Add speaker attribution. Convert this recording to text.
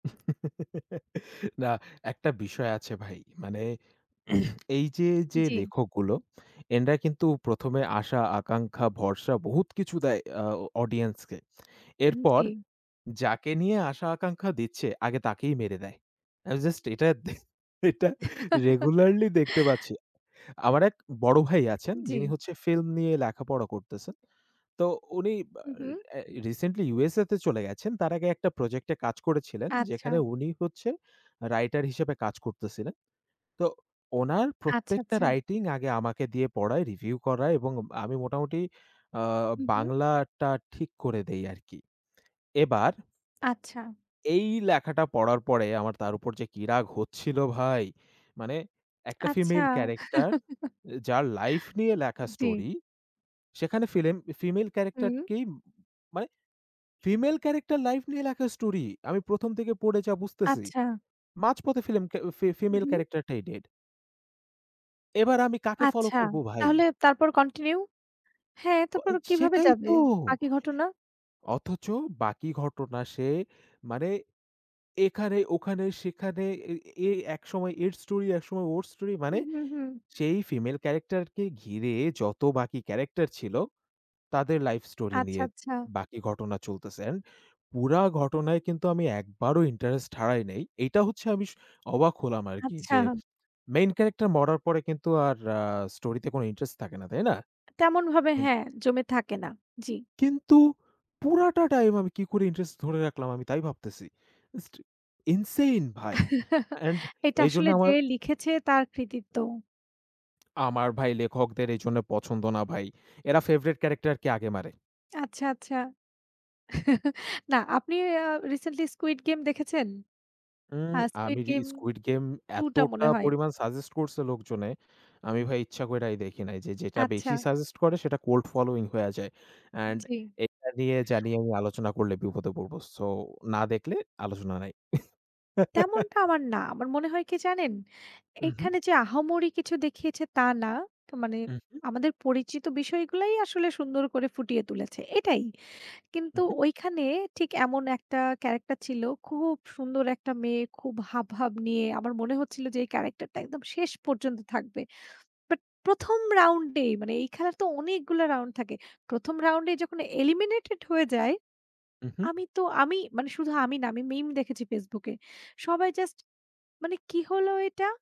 Speaker 1: না, একটা বিষয় আছে ভাই। মানে এইযে যে
Speaker 2: জি।
Speaker 1: লেখকগুলো, এনারা কিন্তু ১ম এ আশা, আকাঙ্খা, ভরসা বহুত কিছু দেয় আ অডিয়েন্সকে।
Speaker 2: আন
Speaker 1: এরপর
Speaker 2: জি।
Speaker 1: যাকে নিয়ে আশা, আকাঙ্খা দিচ্ছে, আগে তাকেই মেরে দেয়। আ জাস্ট এটা দে এটা রেগুলারলি দেখতে পাচ্ছি। আমার এক বড় ভাই আছেন।
Speaker 2: আন
Speaker 1: যিনি
Speaker 2: জি।
Speaker 1: হচ্ছে ফিল্ম নিয়ে লেখাপড়া করতেছেন। তো, উনি
Speaker 2: হু, হু।
Speaker 1: আ এ রিসেন্টলি USA তে চলে গেছেন। তার আগে একটা প্রজেক্টে কাজ করেছিলেন। যেখানে
Speaker 2: আচ্ছা।
Speaker 1: উনি হচ্ছে রাইটার হিসেবে কাজ করতেছিলেন। তো, ওনার
Speaker 2: আচ্ছা,
Speaker 1: প্রত্যেকটা
Speaker 2: আচ্ছা।
Speaker 1: রাইটিং আগে আমাকে দিয়ে পড়ায়। রিভিউ করায় এবং আমি মোটামুটি অ
Speaker 2: হু, হু।
Speaker 1: বাংলাটা ঠিক করে দেই আরকি। এবার,
Speaker 2: আচ্ছা।
Speaker 1: এই লেখাটা পড়ার পরে আমার তার উপর যে কি রাগ হচ্ছিল ভাই। মানে একটা
Speaker 2: আচ্ছা,
Speaker 1: ফিমেল ক্যারাক্টার। এ যার লাইফ নিয়ে লেখা
Speaker 2: জি।
Speaker 1: স্টোরি। সেখানে ফিলেম ফিমেল
Speaker 2: হুম।
Speaker 1: ক্যারাক্টারকেই মানে ফিমেল ক্যারাক্টার লাইফ নিয়ে লেখা স্টোরি। আমি ১ম থেকে পড়ে যা বুঝতেছি,
Speaker 2: আচ্ছা।
Speaker 1: মাঝপথে ফিলেমকে ফি
Speaker 2: হু,
Speaker 1: ফিমেল
Speaker 2: হু।
Speaker 1: ক্যারাক্টারটাই ডেড। এবার আমি কাকে ফলো
Speaker 2: আচ্ছা,
Speaker 1: করবো ভাই?
Speaker 2: তাহলে তারপর কন্টিনিউ হ্যাঁ, তারপর
Speaker 1: কয়
Speaker 2: কীভাবে
Speaker 1: সেটাই
Speaker 2: যাবে
Speaker 1: তো!
Speaker 2: আগে ঘটনা?
Speaker 1: অথচ বাকি ঘটনা সে মানে এখানে, ওখানে, সেখানে এই এ একসময় এর স্টোরি, একসময় ওর স্টোরি।
Speaker 2: হু,
Speaker 1: মানে,
Speaker 2: হু, হু।
Speaker 1: সেই ফিমেল ক্যারাক্টারকে ঘিরে যত বাকি ক্যারাক্টার ছিল, তাদের লাইফ স্টোরি
Speaker 2: আচ্ছা,
Speaker 1: নিয়ে
Speaker 2: আচ্ছা।
Speaker 1: বাকি ঘটনা চলতেছেন। পুরা ঘটনায় কিন্তু আমি একবারও ইন্টারেস্ট হারাই নাই। এটা হচ্ছে আমি অবাক হলাম আরকি
Speaker 2: আচ্ছা,
Speaker 1: যে,
Speaker 2: হা
Speaker 1: মেইন ক্যারাক্টার মরার পরে কিন্তু আর আ স্টোরিতে কোনো ইন্টারেস্ট থাকে না, তাই না?
Speaker 2: তেমনভাবে
Speaker 1: কিন
Speaker 2: হ্যাঁ, জমে থাকে না। জি।
Speaker 1: কিন্তু পুরাটা টাইম আমি কি করে ইন্টারেস্ট ধরে রাখলাম? আমি তাই ভাবতেছি। ইস্ট insane ভাই। আ অ্যান্ড
Speaker 2: এটা
Speaker 1: এইজন্য
Speaker 2: আসলে যে
Speaker 1: আমার
Speaker 2: লিখেছে, তার কৃতিত্ব।
Speaker 1: আমার ভাই লেখকদের এই জন্য পছন্দ না ভাই। এরা ফেভরেট ক্যারাক্টারকে আগে মারে।
Speaker 2: আচ্ছা, আচ্ছা। না, আপনি আ রিসেন্টলি 'Squid Game' দেখেছেন?
Speaker 1: উম,
Speaker 2: আ
Speaker 1: আমি
Speaker 2: 'Squid
Speaker 1: রি
Speaker 2: Game
Speaker 1: 'Squid Game'
Speaker 2: 2' টা
Speaker 1: এতটা
Speaker 2: মনে হয়।
Speaker 1: পরিমাণ সাজেস্ট করছে লোকজনে, আমি ভাই ইচ্ছা কইরাই দেখি নাই। যে যেটা
Speaker 2: আচ্ছা।
Speaker 1: বেশি সাজেস্ট করে, সেটা cold following হইয়া যায়।
Speaker 2: ইন
Speaker 1: অ্যান্ড
Speaker 2: জি।
Speaker 1: এটা নিয়ে জানি আমি আলোচনা করলে বিপদে পড়বো। সো, না দেখলে আলোচনা নাই।
Speaker 2: তেমনটা আমার না। আমার মনে হয় কি জানেন?
Speaker 1: উ হু।
Speaker 2: এখানে যে আহামরি কিছু দেখিয়েছে, তা না। তা মানে
Speaker 1: হু, হু।
Speaker 2: আমাদের পরিচিত বিষয়গুলাই আসলে সুন্দর করে ফুটিয়ে তুলেছে। এটাই।
Speaker 1: হু,
Speaker 2: কিন্তু
Speaker 1: হু।
Speaker 2: ঐখানে ঠিক এমন একটা ক্যারাক্টার ছিল। খুব সুন্দর একটা মেয়ে, খুব হাবভাব নিয়ে। আমার মনে হচ্ছিল যে, এই ক্যারাক্টারটা একদম শেষ পর্যন্ত থাকবে। বাট ১ম রাউন্ডে মানে এই খেলার তো অনেকগুলো রাউন্ড থাকে। ১ম রাউন্ডেই যখন eliminated হয়ে যায়।
Speaker 1: উ হু।
Speaker 2: আমি তো আমি মানে শুধু আমি না আমি মিম দেখেছি ফেসবুকে। সবাই জাস্ট মানে কি হলো এটা?